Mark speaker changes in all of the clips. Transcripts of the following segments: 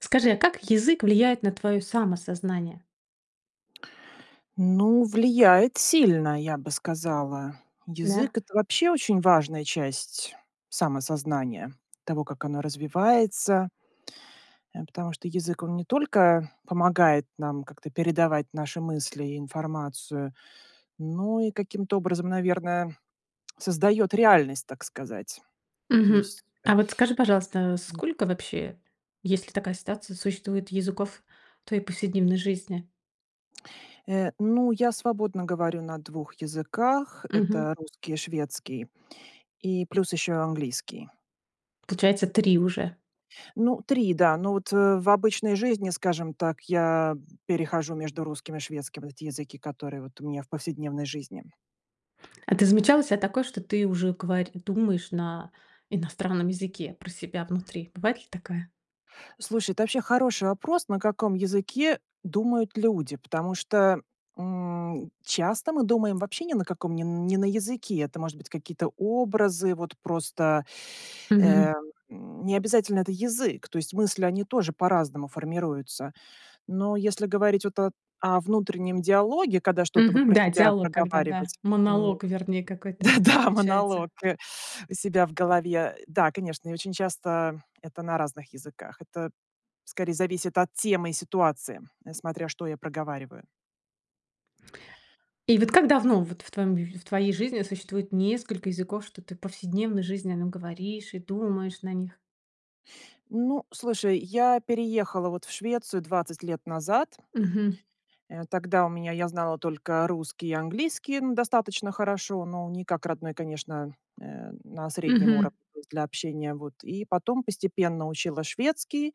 Speaker 1: Скажи, а как язык влияет на твоё самосознание?
Speaker 2: Ну, влияет сильно, я бы сказала.
Speaker 1: Да.
Speaker 2: Язык это вообще очень важная часть самосознания, того, как оно развивается. Э, потому что язык, он не только помогает нам как-то передавать наши мысли и информацию, но и каким-то образом, наверное, создаёт реальность, так сказать. То
Speaker 1: Мгм.
Speaker 2: есть, э
Speaker 1: А вот скажи, пожалуйста,
Speaker 2: М.
Speaker 1: сколько вообще, если такая ситуация существует, языков в твоей повседневной жизни?
Speaker 2: Э, ну, я свободно говорю на 2 языках.
Speaker 1: Мгм.
Speaker 2: Это русский, шведский и плюс еще и английский.
Speaker 1: Получается 3 уже.
Speaker 2: Ну 3, да. Но вот, э, в обычной жизни, скажем так, я перехожу между русским и шведским. Эти языки, которые вот у меня в повседневной жизни.
Speaker 1: А ты замечала у ся такое, что ты уже говори думаешь на иностранном языке про себя внутри? Бывает ли такая?
Speaker 2: Слушай, это вообще хороший вопрос. На каком языке думают люди? Потому что, м, часто мы думаем вообще ни на каком не н не на языке. Это может быть какие-то образы. Вот просто,
Speaker 1: Мгм.
Speaker 2: э, м, м, не обязательно это язык. То есть мысли, они тоже по-разному формируются. Но если говорить вот о о внутреннем диалоге, когда что-то вот
Speaker 1: Мгм,
Speaker 2: про
Speaker 1: да,
Speaker 2: себя
Speaker 1: диалог, когда, да.
Speaker 2: проговаривать, м
Speaker 1: Монолог, вернее, какой-то
Speaker 2: Да-да,
Speaker 1: получается.
Speaker 2: монолог, э, у себя в голове. Да, конечно, и очень часто это на разных языках. Это скорее зависит от темы и ситуации, смотря, что я проговариваю.
Speaker 1: И вот как давно вот в твоём, в твоей жизни существует несколько языков, что ты в повседневной жизни на нём говоришь и думаешь на них?
Speaker 2: Ну, слушай, я переехала, вот, в Швецию 20 лет назад.
Speaker 1: Мгм.
Speaker 2: Э, тогда, у меня, я знала только русский и английский, н достаточно хорошо, но, не как родной, конечно, э, на среднем
Speaker 1: Мгм.
Speaker 2: уровне, то есть, для общения, вот. И, потом, постепенно, учила шведский,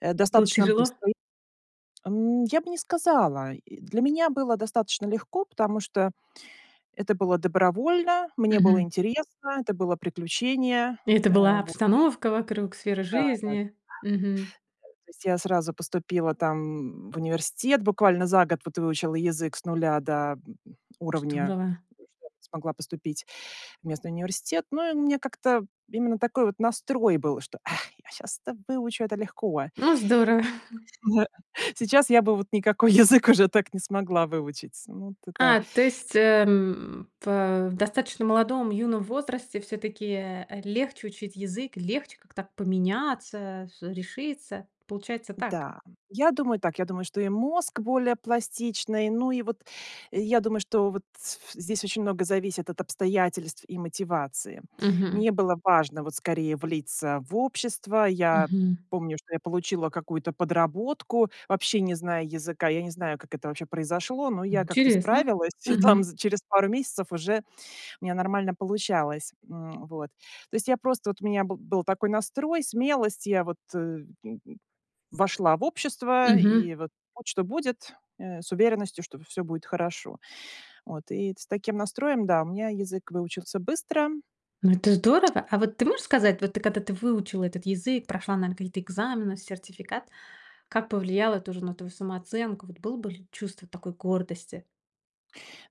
Speaker 2: э,
Speaker 1: Было
Speaker 2: достаточно
Speaker 1: тяжело?
Speaker 2: быстро, и Ам, я бы не сказала, и, для меня было достаточно легко. Потому что, это было добровольно, мне было
Speaker 1: Мгм.
Speaker 2: интересно, это было приключение,
Speaker 1: И, это
Speaker 2: э,
Speaker 1: была
Speaker 2: во
Speaker 1: обстановка вокруг, сфера
Speaker 2: Да, да. Э,
Speaker 1: жизни. Мгм.
Speaker 2: то есть, я сразу поступила там, м, в университет. Буквально за год вот выучила язык с нуля до, м, уровня,
Speaker 1: Здорово.
Speaker 2: ну, что я смогла поступить в местный университет. Ну и у меня как-то именно такой вот настрой был, что: "А, я щас это выучу, это легко!"
Speaker 1: Ну здорово!
Speaker 2: Не-а. Сейчас я бы, вот, никакой язык уже так не смогла выучить. Ну, вот это
Speaker 1: А, то есть, э, м, пэ в достаточно молодом, юном возрасте, всё-таки, э, э, легче учить язык, легче как-то поменяться, с решиться? Получается так.
Speaker 2: Да. Я думаю так. Я думаю, что, и мозг более пластичный. Ну, и, вот, я думаю, что, вот, с ф здесь очень много зависит от обстоятельств и мотивации.
Speaker 1: Мгм.
Speaker 2: Мне было важно, вот, скорее, влиться, в общество. Я
Speaker 1: Мгм.
Speaker 2: помню, что я получила какую-то подработку, вообще не зная языка. Я не знаю, как это вообще произошло, но,
Speaker 1: М
Speaker 2: я как-то
Speaker 1: интересно.
Speaker 2: справилась. И, там,
Speaker 1: Мгм.
Speaker 2: за через пару месяцев, уже, у меня нормально получалось, м, вот. То есть, я просто, вот, у меня бы был такой настрой, смелость. Я, вот, э, м, вошла в общество.
Speaker 1: Мгм.
Speaker 2: И, вот, будь что будет, э, с уверенностью, что всё будет хорошо. Вот, и с таким настроем, да, у меня язык выучился быстро.
Speaker 1: Ну, это здорово! А, вот, ты можешь сказать, вот, ты, когда ты выучила этот язык, прошла, наверно, какие-то экзамены, сертификат. Как повлияло это, уже, на твою самооценку? Вот, было бы, ли, чувство такой гордости?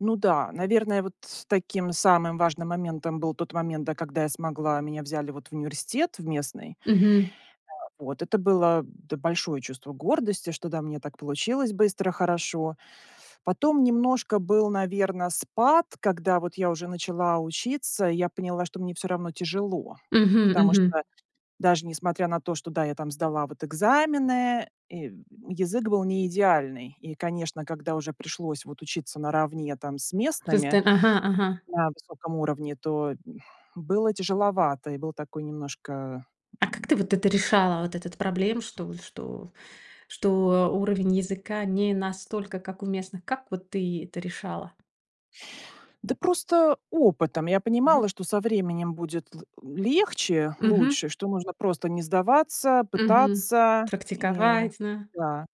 Speaker 2: Ну да. Наверное, вот с таким самым важным моментом был тот момент, да, когда я смогла, меня взяли, вот, в университет в местный.
Speaker 1: Мгм.
Speaker 2: Вот, это было д большое чувство гордости, что да, у меня так получилось быстро, хорошо. Потом немножко был, наверно, спад. Когда, вот я уже начала учиться, я поняла, что мне всё равно тяжело.
Speaker 1: Мгм,
Speaker 2: Потому
Speaker 1: мгм.
Speaker 2: что даже несмотря на то, что да, я там сдала вот экзамены, и язык был не идеальный. И, конечно, когда уже пришлось вот учиться наравне там с
Speaker 1: Просто,
Speaker 2: местными,
Speaker 1: ага, ага.
Speaker 2: на высоком уровне, то было тяжеловато и был такой немножко,
Speaker 1: А как ты
Speaker 2: м
Speaker 1: вот это решала? Вот этот, проблем что у что, что уровень языка не настолько как у местных? Как вот ты это решала?
Speaker 2: Да просто опытом. Я понимала,
Speaker 1: Мгм.
Speaker 2: что со временем будет л легче,
Speaker 1: Мгм.
Speaker 2: лучше, что нужно просто не сдаваться,
Speaker 1: Мгм.
Speaker 2: пытаться и
Speaker 1: Практиковать, да.
Speaker 2: Да.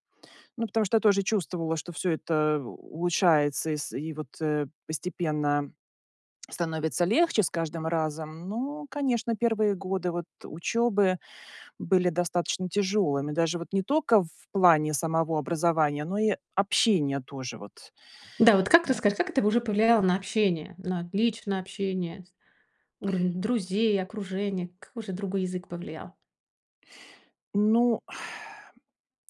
Speaker 2: Ну, потому что я тоже чувствовала, что всё это улучшается и с и вот, э, постепенно становится легче с каждым разом. Ну, конечно, первые годы вот учёбы были достаточно тяжёлыми, даже вот не только в плане самого образования, но и общения тоже. Вот,
Speaker 1: Да, вот как
Speaker 2: э.
Speaker 1: рассказать, как это в уже повлияло на общение? На отличное общение, с уровень друзей, окружения? Как же другой язык повлиял?
Speaker 2: Ну,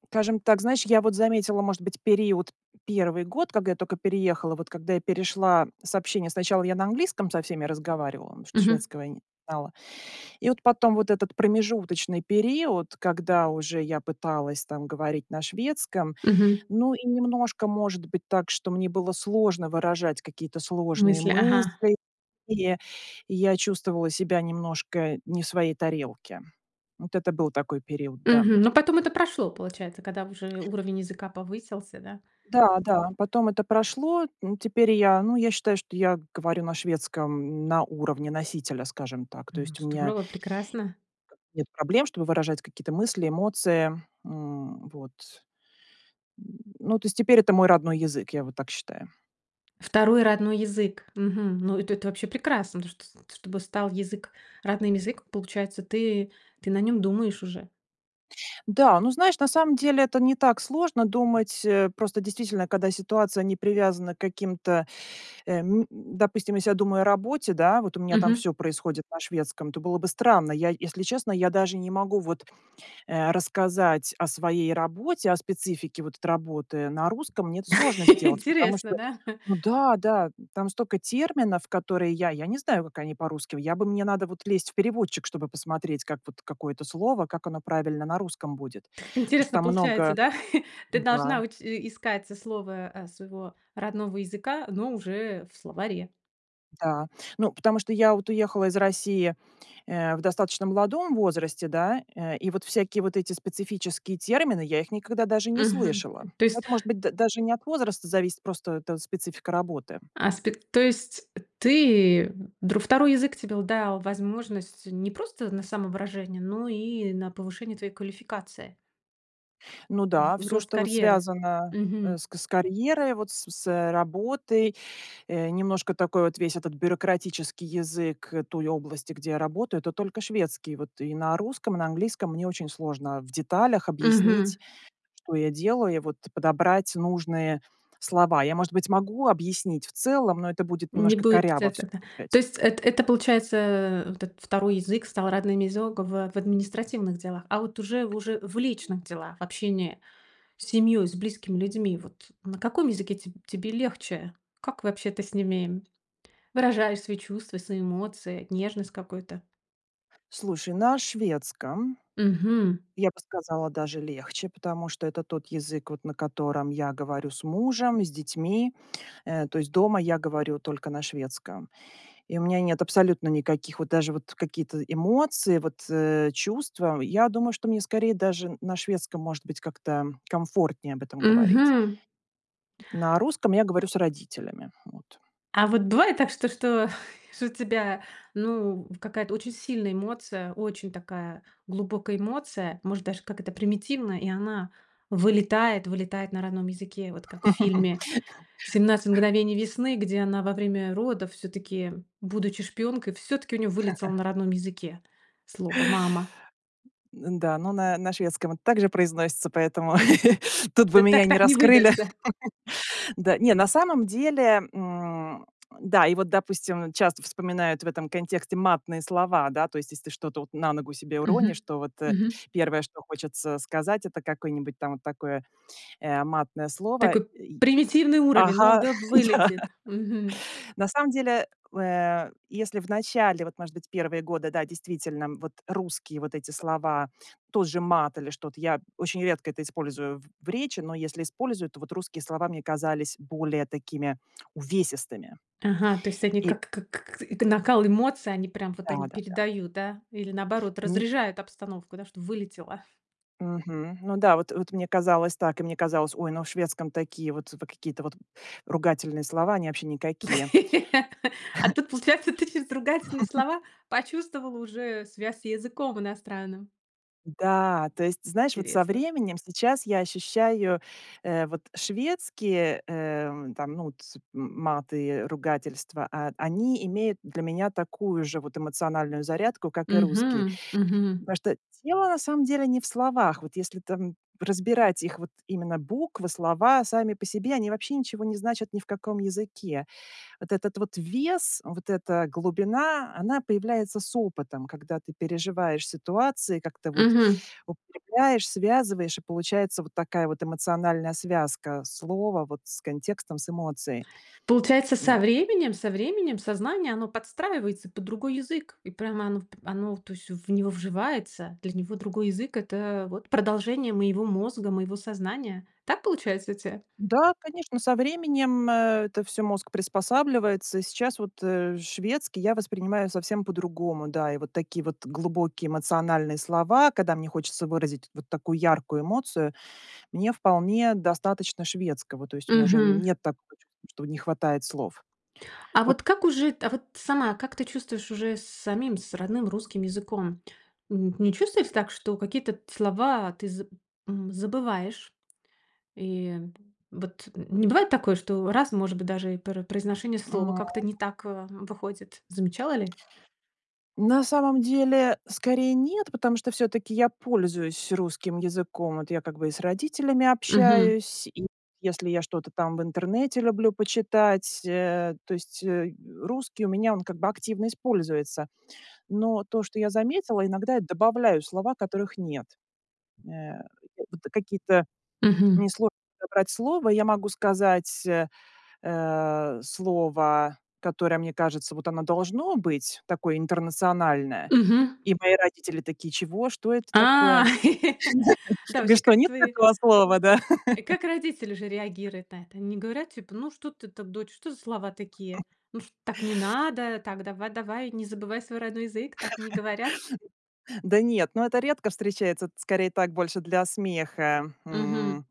Speaker 2: скажем так, знаешь, я вот заметила, может быть, период 1 год, когда я только переехала. Вот когда я перешла с общения, сначала я на английском со всеми разговаривала, потому что
Speaker 1: Мгм.
Speaker 2: шведского я не знала. И вот потом вот этот промежуточный период, когда уже я пыталась там говорить на шведском.
Speaker 1: Мгм.
Speaker 2: Ну, и немножко, может быть, так, что мне было сложно выражать какие-то сложные
Speaker 1: Мысли, ага.
Speaker 2: мысли, и я чувствовала себя немножко не в своей тарелке. Вот это был такой период, да.
Speaker 1: Мгм, но потом это прошло, получается, когда уже уровень языка повысился, да?
Speaker 2: Да, да, потом это прошло. М, теперь я, ну, я считаю, что я говорю на шведском, на уровне носителя, скажем так. То
Speaker 1: М,
Speaker 2: есть у меня
Speaker 1: здорово, прекрасно!
Speaker 2: нет проблем, чтобы выражать какие-то мысли, эмоции, м, вот. М, ну, то есть теперь это мой родной язык, я вот так считаю.
Speaker 1: Второй родной язык. Мгм, ну это-то вообще прекрасно, то что чтобы стал язык родным, язык. Получается, ты, ты на нём думаешь уже.
Speaker 2: Да, ну знаешь, на самом деле, это не так сложно думать. Э, просто, действительно, когда ситуация не привязана к каким-то, эм Допустим, если я думаю о работе, да, вот у меня там
Speaker 1: Мгм.
Speaker 2: всё происходит на шведском, это было бы странно. Я если честно, я даже не могу вот, э, рассказать о своей работе, о специфике вот это работы на русском. Мне это сложно сделать, потому
Speaker 1: Интересно,
Speaker 2: что,
Speaker 1: да.
Speaker 2: ну да, да, там столько терминов, которые я, я не знаю, как они по-русски. Я бы, мне надо вот лезть в переводчик, чтобы посмотреть, как вот какое-то слово, как оно правильно на русском будет.
Speaker 1: Как
Speaker 2: Потому что
Speaker 1: интересно
Speaker 2: там
Speaker 1: получается,
Speaker 2: много
Speaker 1: да? Ты
Speaker 2: Да.
Speaker 1: должна уч искать со слова, э, своего родного языка, но уже в словаре.
Speaker 2: Да, ну потому, что я вот уехала из России, э, в достаточно молодом возрасте, да. Э, и вот всякие вот эти специфические термины я их никогда даже не
Speaker 1: Мгм,
Speaker 2: слышала.
Speaker 1: то есть
Speaker 2: Это может быть д даже не от возраста зависит, просто это специфика работы.
Speaker 1: Аспект, то есть ты др 2 язык тебе л дал возможность не просто на самовыражение, но и на повышение твоей квалификации.
Speaker 2: Ну да,
Speaker 1: В
Speaker 2: всё,
Speaker 1: рост
Speaker 2: что вот
Speaker 1: карьеры,
Speaker 2: связано, э,
Speaker 1: мгм.
Speaker 2: с к с карьерой, вот с с работой. Э, немножко такой вот весь этот бюрократический язык, э, той области, где я работаю, это только шведский. Вот и на русском, и на английском мне очень сложно в деталях
Speaker 1: Мгм.
Speaker 2: объяснить, что я делаю, и вот подобрать нужные слова. Я, может быть, могу объяснить в целом, но это будет
Speaker 1: Не
Speaker 2: немножко
Speaker 1: будет
Speaker 2: коряво
Speaker 1: эт
Speaker 2: всё
Speaker 1: тогда. То
Speaker 2: звучать.
Speaker 1: есть это, это, получается, э, вот этот второй язык стал родным из огово в административных делах. А вот уже, уже в личных делах, общение с семьей, с близкими людьми, вот на каком языке теб тебе легче? Как вообще ты с ними? Выражаешь свои чувства, свои эмоции, нежность какую-то.
Speaker 2: Слушай, на шведском.
Speaker 1: Мгм.
Speaker 2: Я бы сказала даже легче, потому что это тот язык, вот на котором я говорю с мужем, с детьми. Э, то есть дома я говорю только на шведском. И у меня нет абсолютно никаких, вот даже вот какие-то эмоции, вот, э, чувства. Я думаю, что мне скорее даже на шведском, может быть, как-то комфортнее об этом говорить.
Speaker 1: Мгм.
Speaker 2: На русском я говорю с родителями, вот.
Speaker 1: А вот бывает так что, что, что у тебя, ну, в какая-то очень сильная эмоция, очень такая глубокая эмоция. Может даже как это примитивная, и она вылетает, вылетает на родном языке. Вот как в фильме "17 мгновений весны", где она во время родов всё-таки будучи шпионкой, всё-таки у неё вылетело на родном языке слово "мама".
Speaker 2: Да, ну, на на шведском это так же произносится, поэтому тут бы
Speaker 1: Ты
Speaker 2: меня
Speaker 1: так
Speaker 2: не
Speaker 1: так не
Speaker 2: раскрыли.
Speaker 1: выдашься.
Speaker 2: Да, не, на самом деле, м, да, и вот, допустим, часто вспоминают в этом контексте матные слова, да, то есть если ты что-то вот на ногу себе уронишь,
Speaker 1: Мгм.
Speaker 2: то вот, э,
Speaker 1: Мгм.
Speaker 2: первое, что хочется сказать, это какое-нибудь там вот такое, э, матное слово, э,
Speaker 1: Такой
Speaker 2: и
Speaker 1: примитивный уровень, но
Speaker 2: Ага,
Speaker 1: он, да, в
Speaker 2: да.
Speaker 1: вылетит. Мгм.
Speaker 2: На самом деле, э, если в начале, вот, может быть, первые годы, да, действительно, вот русские вот эти слова, тот же мат или что-то, я очень редко это использую в в речи, но если использую, то вот русские слова мне казались более такими увесистыми.
Speaker 1: Ага, то есть они
Speaker 2: И
Speaker 1: как, как, к эт накал эмоций, они прям вот они
Speaker 2: Да-да-да.
Speaker 1: передают, да? Или, наоборот,
Speaker 2: Н
Speaker 1: разряжают обстановку, да, что вылетело.
Speaker 2: Мгм, ну да, вот вот мне казалось так, и мне казалось: "Ой, ну, в шведском такие вот в какие-то вот ругательные слова, они вообще никакие".
Speaker 1: А тут получается ты через ругательные слова почувствовала уже связь с языком иностранным?
Speaker 2: М-да, то есть, знаешь, вот со
Speaker 1: Интересно.
Speaker 2: временем сейчас я ощущаю, э, вот шведские, э, там, ну вот, м маты и ругательства, а, они имеют для меня такую же вот эмоциональную зарядку, как и русские.
Speaker 1: Мгм, мгм.
Speaker 2: Потому что дело, на самом деле, не в словах. Вот если там разбирать их вот именно буквы, слова сами по себе, они вообще ничего не значат ни в каком языке. Вот этот вот вес, вот эта глубина, она появляется с опытом, когда ты переживаешь ситуации, как-то вот
Speaker 1: Мгм.
Speaker 2: укрепляешь, связываешь, и получается вот такая вот эмоциональная связка слова вот с контекстом, с эмоцией.
Speaker 1: Получается со
Speaker 2: Немь
Speaker 1: временем, со временем сознание оно подстраивается под другой язык. И прямо оно в оно то есть в него вживается. Для него другой язык- это вот продолжение моего мозга, моего сознания. Так получается у тя?
Speaker 2: Да, конечно, со временем, э, это всё мозг приспосабливается. Сейчас вот, э, шведский я воспринимаю совсем по-другому. Да, и вот такие вот глубокие эмоциональные слова, когда мне хочется выразить вот такую яркую эмоцию, мне вполне достаточно шведского. То есть мне уже
Speaker 1: Мгм.
Speaker 2: нет такого чувства, что не хватает слов.
Speaker 1: А
Speaker 2: Вот
Speaker 1: вот как уже т а вот сама, как ты чувствуешь уже с самим, с родным русским языком? Н не чувствуете так, что какие-то т слова ты за м, забываешь? И вот не бывает такое, что раз, может быть, даже и про произношение слова
Speaker 2: М.
Speaker 1: как-то не так, а, выходит? Замечала ли?
Speaker 2: На самом деле, скорее, нет, потому что всё-таки я пользуюсь русским языком. Вот я как бы и с родителями
Speaker 1: Мгм.
Speaker 2: общаюсь, и если я что-то там в интернете люблю почитать, э. То есть, э, русский у меня он как бы активно используется. Но то, что я заметила, иногда я добавляю слова, которых нет. Вот какие-то,
Speaker 1: Мгм.
Speaker 2: мне сложно подобрать слово, я могу сказать, э, э, слово, которое, мне кажется, вот оно должно быть, такое интернациональное.
Speaker 1: Мгм.
Speaker 2: И мои родители такие: "Чего? Что это
Speaker 1: А!
Speaker 2: такое?"
Speaker 1: Да,
Speaker 2: Я:
Speaker 1: вообще
Speaker 2: "Что,
Speaker 1: как
Speaker 2: нет
Speaker 1: твои
Speaker 2: такого слова, да?"
Speaker 1: и как родители уже реагируют на это? Они не говорят типа: "Ну что-то ты, дочь, что за слова такие? Ну чт так не надо, так давай-давай, не забывай свой родной язык!"- так не говорят?
Speaker 2: Да нет, ну это редко встречается. Это скорее так, больше для смеха.
Speaker 1: Мгм.
Speaker 2: М,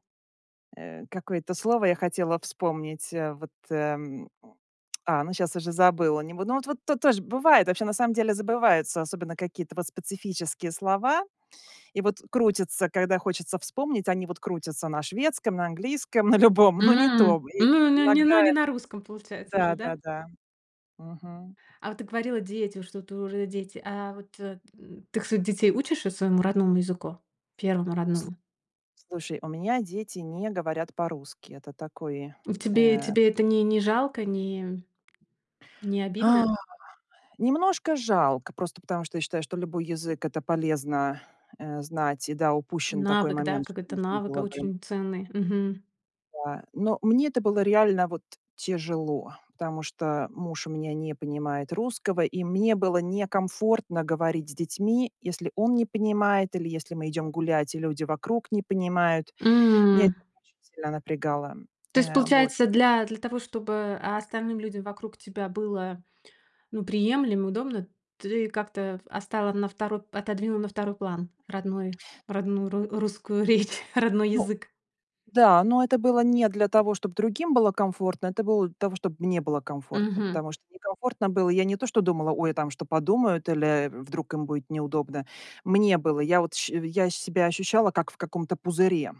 Speaker 2: какое-то слово я хотела вспомнить, а вот, э, м. А, ну щас уже забыла, не бу Ну вот, вот тут тоже бывает, вообще на самом деле забываются, особенно какие-то вот специфические слова. И вот крутятся, когда хочется вспомнить, они вот крутятся на шведском, на английском, на любом,
Speaker 1: М!
Speaker 2: но не
Speaker 1: М,
Speaker 2: то. И
Speaker 1: ну не ну
Speaker 2: иногда
Speaker 1: не на русском получается уже, да?
Speaker 2: Да-да-да. Мгм.
Speaker 1: А вот ты говорила, дети, что-то уже дети. А вот, э, ты своих детей учишь и своему родному языку? Первому
Speaker 2: Слу
Speaker 1: родному?
Speaker 2: слушай, у меня дети не говорят по-русски. Это такой,
Speaker 1: В тебе
Speaker 2: э
Speaker 1: тебе это не не жалко? Не не
Speaker 2: А,
Speaker 1: обидно?
Speaker 2: [unintelligible] немножко жалко, просто потому что я считаю, что любой язык- это полезно, э, знать. И да, упущен такой
Speaker 1: Навык, да?
Speaker 2: момент, что
Speaker 1: Какой-то
Speaker 2: нужно
Speaker 1: навык, а,
Speaker 2: было бы
Speaker 1: очень ценный. Мгм.
Speaker 2: Да. Но мне это было реально вот тяжело. Потому что муж у меня не понимает русского, и мне было некомфортно говорить с детьми, если он не понимает, или если мы идем гулять, и люди вокруг не понимают. Меня это
Speaker 1: М.
Speaker 2: очень сильно напрягало.
Speaker 1: То есть
Speaker 2: Э, вот.
Speaker 1: получается, для для того, чтобы, а, остальным людям вокруг тебя было, ну, приемлемо, удобно, ты как-то оставила на второй п отодвинула на второй план родной родную ру русскую речь, родной
Speaker 2: Ну
Speaker 1: язык?
Speaker 2: Да, но это было не для того, чтоб другим было комфортно, это было для того, чтобы мне было комфортно,
Speaker 1: Мгм.
Speaker 2: потому что некомфортно было. Я не то что думала: "Ой, а там что подумают?" Или, э, "Вдруг им будет неудобно". Мне буыло. Я вот ще я себя ощущала, как в каком-то пузыре.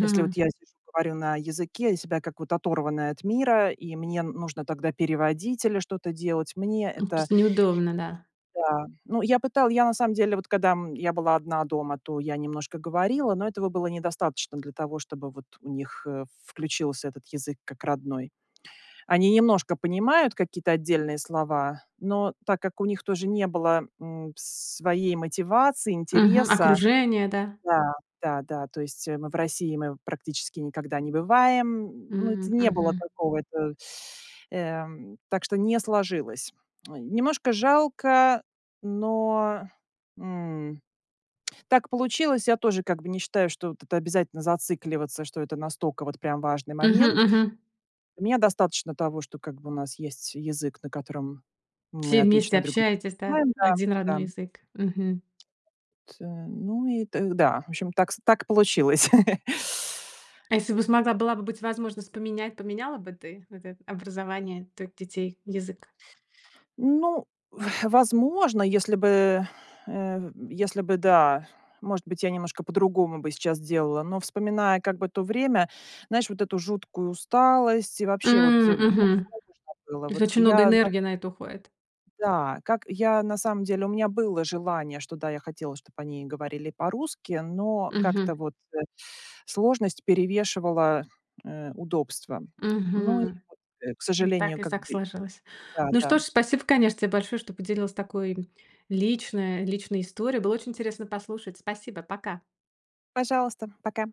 Speaker 2: Если вот я сижу говорю на языке, я себя как вот оторванная от мира, и мне н нужно тогда переводить или что-то делать, мне
Speaker 1: Ну, то
Speaker 2: это
Speaker 1: есть неудобно, да?
Speaker 2: Да, ну, я пытала я на самом деле, вот когда, м, я была одна дома, то я немножко говорила, но этого было недостаточно для того, чтобы вот у них, э, включился этот язык как родной. Они немножко понимают какие-то отдельные слова, но так как у них тоже не было, м, своей мотивации,
Speaker 1: Мгм.
Speaker 2: интереса
Speaker 1: Окружение, да?
Speaker 2: Да, да-да. То есть, э, мы в России, мы практически никогда не бываем. Ну, это
Speaker 1: М,
Speaker 2: не было
Speaker 1: мгм.
Speaker 2: такого, это, эм, так что не сложилось. Ой, немножко жалко, но, м, так получилось. Я тоже как бы не считаю, что вот это обязательно зацикливаться, что это настолько вот прям важный
Speaker 1: Мгм,
Speaker 2: момент.
Speaker 1: мгм.
Speaker 2: У меня достаточно того, что как бы у нас есть язык, на котором мы
Speaker 1: Все вместе
Speaker 2: отлично друг друга
Speaker 1: общаетесь, да?
Speaker 2: понимаем.
Speaker 1: Один
Speaker 2: Да,
Speaker 1: родной
Speaker 2: да.
Speaker 1: язык? Мгм.
Speaker 2: Тэ ну и тэ Да. В общем, так с так получилось.
Speaker 1: А если бы смогла, была бы быть возможность поменять, поменяла бы ты вот это образование твоих детей, язык?
Speaker 2: Ну, возможно, если бы, э, если бы, да, может быть, я немножко по-другому бы сейчас делала. Но вспоминая как бы то время, знаешь, вот эту жуткую усталость и вообще вот, э,
Speaker 1: М,
Speaker 2: ну,
Speaker 1: мгм.
Speaker 2: всё равно, что было.
Speaker 1: То есть
Speaker 2: Вот к
Speaker 1: очень много
Speaker 2: я, да
Speaker 1: энергии на это уходит.
Speaker 2: Да, как я на самом деле, у меня было желание, что да, я хотела, чтоб они говорили по-русски, но как-то
Speaker 1: Мгм.
Speaker 2: вот, э, сложность перевешивала, э, удобства. Ну и
Speaker 1: Мгм.
Speaker 2: вот, э, к
Speaker 1: М, так
Speaker 2: сожалению,
Speaker 1: и
Speaker 2: как
Speaker 1: так
Speaker 2: бы
Speaker 1: сложилось. Ну
Speaker 2: Да-да.
Speaker 1: что ж, спасибо, конечно, те большое, что поделилась такой лично личной историей. Было очень интересно послушать. Спасибо, пока!
Speaker 2: Пожалуйста, пока.